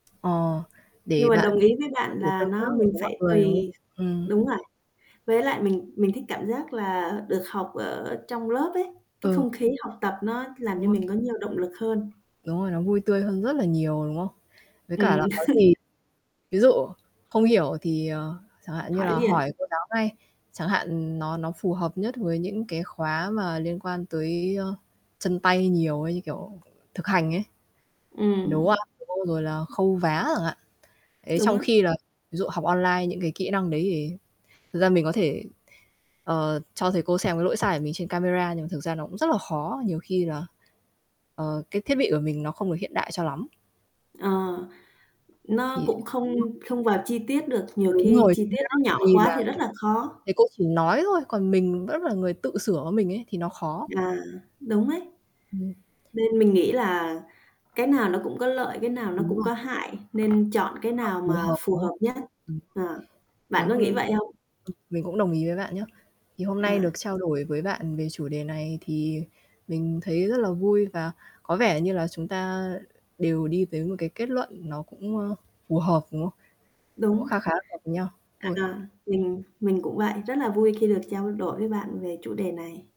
Ờ, để Nhưng mình bạn đồng ý với có bạn thể là tương tác nó được mình với mọi phải người, đúng tùy không? Ừm. đúng rồi. Với lại mình mình thích cảm giác là được học ở trong lớp ấy, cái, không Ừ. khí học tập nó làm Đúng cho rồi. mình có nhiều động lực hơn. Đúng rồi, nó vui tươi hơn rất là nhiều, đúng không? Với cả là Ừm. có gì ví dụ không hiểu thì, ờ, chẳng hạn như Hỏi là liền. hỏi cô giáo ngay, chẳng hạn nó nó phù hợp nhất với những cái khóa mà liên quan tới, ơ, chân tay nhiều ấy như, kiểu, thực hành ấy. Ừm. Nấu ăn [unintelligible] rồi là khâu vá chẳng hạn. Ấy Đúng trong á. khi là ví dụ học online những cái kỹ năng đấy thì thực ra mình có thể, ờ, cho thầy cô xem cái lỗi sai của mình trên camera nhưng mà thực ra nó cũng rất là khó, nhiều khi là, ờ, cái thiết bị của mình nó không được hiện đại cho lắm. Ờ, nó Thì cũng không [unintelligible] không vào chi tiết được, nhiều Đúng khi rồi, chi chính tiết xác nó nhỏ vì quá là thì rất là khó. thầy cô chỉ nói thôi, còn mình vẫn là người tự sửa lỗi mình ấy thì nó khó. À, đúng đấy. Ừm. Nên mình nghĩ là cái nào nó cũng có lợi, cái nào nó Đúng cũng rồi. có hại, nên chọn cái [unintelligible] nào Phù mà hợp, phù đúng không? hợp nhất. Ờ, bạn có Ừm. [unintelligible] nghĩ Ừm. vậy không? Mình cũng đồng ý với bạn nhá. Thì hôm nay À. được trao đổi với bạn về chủ đề này thì mình thấy rất là vui và có vẻ như là chúng ta đều đi tới một cái kết luận nó cũng, ơ, phù hợp, đúng không? Cũng Đúng. kha khá hợp nhau thôi. À, mình mình cũng vậy, rất là vui khi được trao đổi với bạn về chủ đề này.